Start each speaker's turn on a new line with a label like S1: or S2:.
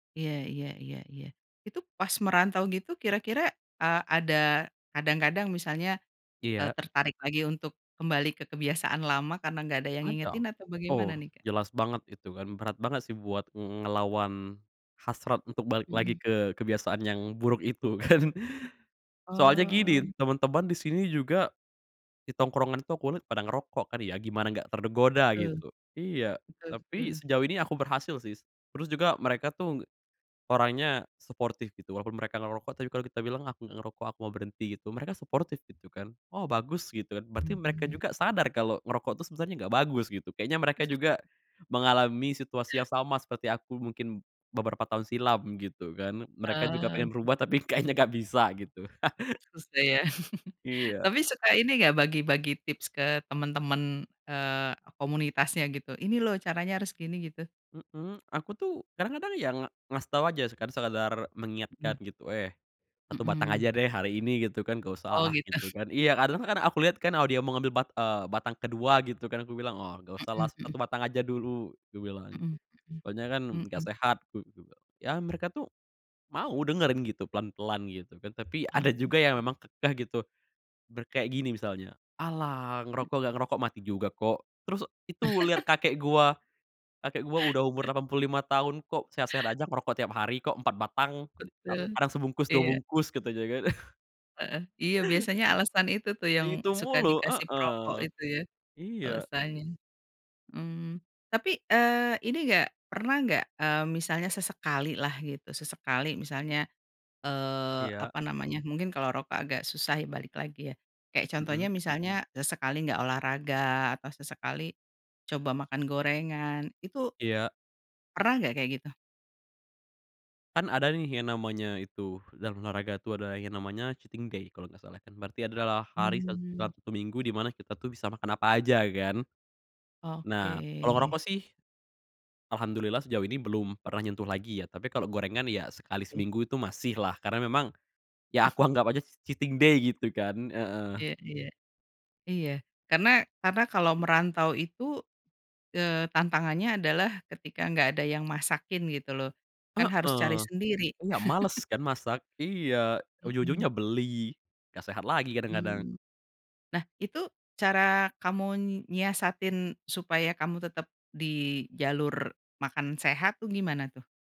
S1: Iya iya iya iya, itu pas merantau gitu kira-kira, eee, ada kadang-kadang misalnya, eee,
S2: Iya.
S1: tertarik lagi untuk kembali ke kebiasaan lama karena nggak ada yang
S2: Ada,
S1: ngingetin atau bagaimana
S2: oh
S1: nih Kak?
S2: jelas banget itu kan berat banget sih buat ngelawan, hasrat untuk balik lagi
S1: Mhm.
S2: ke kebiasaan yang buruk itu kan, soalnya
S1: Mmm.
S2: gini, temen-temen disini juga, di tongkrongan itu aku lihat pada ngerokok kan ya, gimana gak tergoda
S1: Betul,
S2: gitu. Iya,
S1: betul
S2: tapi
S1: betul.
S2: sejauh ini aku berhasil sih terus juga mereka tuh, orangnya suportif gitu walaupun mereka ngerokok, tapi kalo kita bilang, aku ngerokok aku mau berhenti gitu mereka suportif gitu kan, "Oh bagus," gitu kan berarti mereka
S1: Mmm.
S2: juga sadar kalo ngerokok tuh sebenernya gak bagus gitu, kayaknya mereka juga, mengalami situasi yang sama seperti aku mungkin, beberapa tahun silam gitu kan, mereka juga
S1: Eee.
S2: pengen berubah tapi kayaknya gak bisa gitu.
S1: Susah ya
S2: Iya.
S1: tapi suka ini gak? Bagi-bagi tips ke temen-temen, eee, komunitasnya gitu ini loh caranya harus gini gitu.
S2: Mhm, aku tuh kadang-kadang ya ngasih tau aja sekedar mengingatkan
S1: Mhm.
S2: gitu, "Eh, 1 batang aja
S1: Mhm.
S2: deh hari ini," gitu kan, gak
S1: Oh
S2: usah
S1: gitu.
S2: gitu kan iya karena aku liat kan kalau dia mau ngambil bat eee, batang ke-2 gitu kan aku bilang, "Wah gak usahlah
S1: Mhm mhm.
S2: 1 batang aja dulu," kubilang,
S1: Mhm
S2: soalnya kan
S1: mhm,
S2: gak
S1: mhm.
S2: sehat u juga. Ya mereka tuh, mau dengerin gitu pelan-pelan gitu kan, tapi
S1: Ah,
S2: ada juga yang
S1: oke.
S2: memang kekeh gitu, bilang kayak gini misalnya, "Alah
S1: Mmm.
S2: ngerokok gak ngerokok mati juga kok." Terus, "Itu liat kakek gua, kakek gue udah umur 85 tahun kok sehat-sehat aja ngerokok tiap hari kok 4 batang,
S1: Betul,
S2: kadang sebungkus 2
S1: iya.
S2: bungkus," katanya kan.
S1: Heeh, iya biasanya alasan itu tuh yang
S2: Itu
S1: suka
S2: mulu,
S1: dikasih perokok
S2: heeh,
S1: itu ya,
S2: iya.
S1: alasannya, mmm, tapi, eee, ini gak pernah gak, eee, misalnya sesekalilah gitu sesekali misalnya, eee,
S2: Iya.
S1: apa namanya mungkin kalau rokok agak susah ya balik lagi ya, kayak contohnya
S2: Mhm.
S1: misalnya sesekali enggak olahraga atau sesekali, coba makan gorengan itu
S2: Iya.
S1: pernah gak kayak gitu?
S2: Kan ada nih yang namanya itu dalam olahraga tuh ada yang namanya cheating day kalo gak salah kan, berarti adalah hari sa
S1: Mmm.
S2: Sabtu Minggu di mana kita tuh bisa makan apa aja kan, nah kalo
S1: Oke.
S2: ngerokok sih, alhamdulillah sejauh ini belum pernah nyentuh lagi ya, tapi kalo gorengan ya sekali
S1: Oke.
S2: seminggu itu masihlah, karena memang, ya aku anggap aja cheating day gitu kan, heeh.
S1: Iya iya, iya karena karena kalau merantau itu, eee, tantangannya adalah ketika enggak ada yang masakin gitu loh, kan harus cari
S2: Heeh,
S1: sendiri.
S2: enggak males kan masak, iya ujung-ujungnya
S1: Mhm.
S2: beli, gak sehat lagi kadang-kadang.
S1: Mmm, nah itu cara kamu nyiasatin supaya kamu tetap di jalur makan sehat tuh gimana tuh?